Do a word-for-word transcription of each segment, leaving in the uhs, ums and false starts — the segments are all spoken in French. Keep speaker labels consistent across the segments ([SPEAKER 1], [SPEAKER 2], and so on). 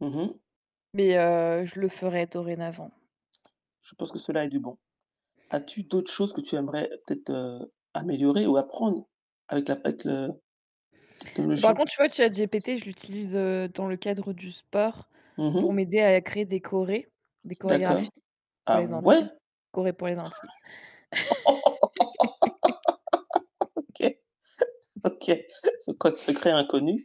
[SPEAKER 1] Mmh mh.
[SPEAKER 2] Mais, heu, je le ferai dorénavant.
[SPEAKER 1] Je pense que cela a du bon. As-tu d'autres choses que tu aimerais peut-être, heu, améliorer ou apprendre avec la avec le la
[SPEAKER 2] Par
[SPEAKER 1] technologie?
[SPEAKER 2] contre, tu vois, ChatGPT, je l'utilise, heu, dans le cadre du sport
[SPEAKER 1] Mmh
[SPEAKER 2] pour
[SPEAKER 1] mh.
[SPEAKER 2] m'aider à créer des choré, des chorégraphies
[SPEAKER 1] D'accord.
[SPEAKER 2] pour
[SPEAKER 1] Ah
[SPEAKER 2] les
[SPEAKER 1] ouais?
[SPEAKER 2] intimes, choré pour les intimes.
[SPEAKER 1] OK. OK. Ce code secret inconnu.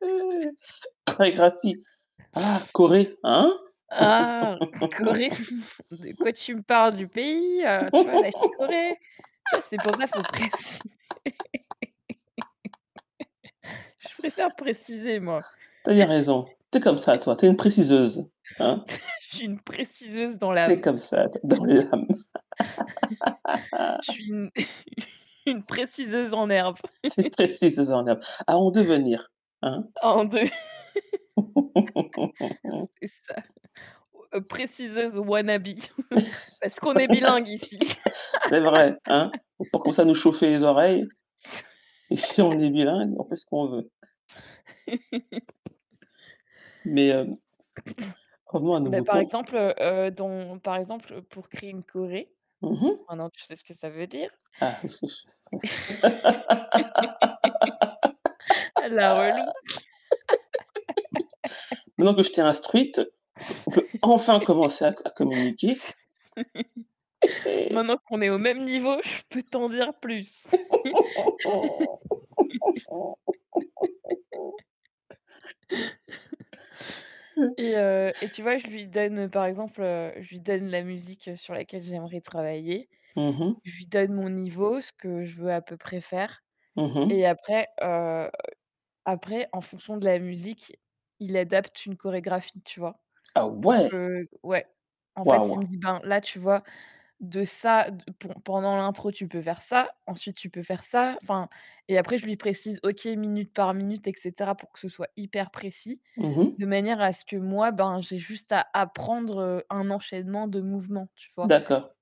[SPEAKER 1] [unintelligible] Ah, Corée, hein?
[SPEAKER 2] Ah, Corée, de quoi tu me parles? Du pays? Heu, tu vois, la chicorée? Tu vois, c'est pour ça, faut préciser. Je préfère préciser moi.
[SPEAKER 1] Tu as bien raison, tu es comme ça toi, tu es une préciseuse. Hein?
[SPEAKER 2] Je suis une préciseuse dans
[SPEAKER 1] Tu es
[SPEAKER 2] l'âme.
[SPEAKER 1] comme ça toi, dans l'âme.
[SPEAKER 2] Je suis une une préciseuse en herbe.
[SPEAKER 1] C'est précis, [unintelligible] à en devenir, hein?
[SPEAKER 2] Ah en deux. C'est ça. Oh, heu, préciseuse wanna be, parce qu'on est bilingue ici.
[SPEAKER 1] [unintelligible] C'est vrai. Hein? Faut pas commencer à nous chauffer les oreilles. Ici on est bilingue, on fait ce qu'on veut. Mais, hem, revenons à nos
[SPEAKER 2] Bah par
[SPEAKER 1] moutons.
[SPEAKER 2] exemple, heu, heu, dans par exemple pour créer une choré,
[SPEAKER 1] Mmh mh.
[SPEAKER 2] maintenant tu sais ce que ça veut dire
[SPEAKER 1] Ah. Ou s ou s ou s
[SPEAKER 2] Ah la relou.
[SPEAKER 1] Maintenant que je t'ai instruite, on peut on peut enfin commencer à co à communiquer.
[SPEAKER 2] Maintenant qu'on est au même niveau, je peux t'en dire plus. Et heu, et tu vois, je lui donne par exemple, heu, je lui donne la musique, heu, sur laquelle j'aimerais travailler.
[SPEAKER 1] Mmh mh.
[SPEAKER 2] Je lui donne mon niveau, ce que je veux à peu près faire
[SPEAKER 1] Mmh mh.
[SPEAKER 2] et après, heu, après, en fonction de la musique, il adapte une chorégraphie, tu vois?
[SPEAKER 1] Ah
[SPEAKER 2] Pour
[SPEAKER 1] ouais!
[SPEAKER 2] que ouais. En fait, il
[SPEAKER 1] Waouh!
[SPEAKER 2] me dit: «Ben, là, tu vois, de ça d p pendant l'intro, tu peux faire ça, ensuite, tu peux faire ça», enfin et après je lui précise OK, minute par minute et cetera pour que ce soit hyper précis,
[SPEAKER 1] Mmh mh.
[SPEAKER 2] de manière à ce que moi, ben j'ai juste à apprendre, heu, un enchaînement de mouvements, tu vois?
[SPEAKER 1] D'accord.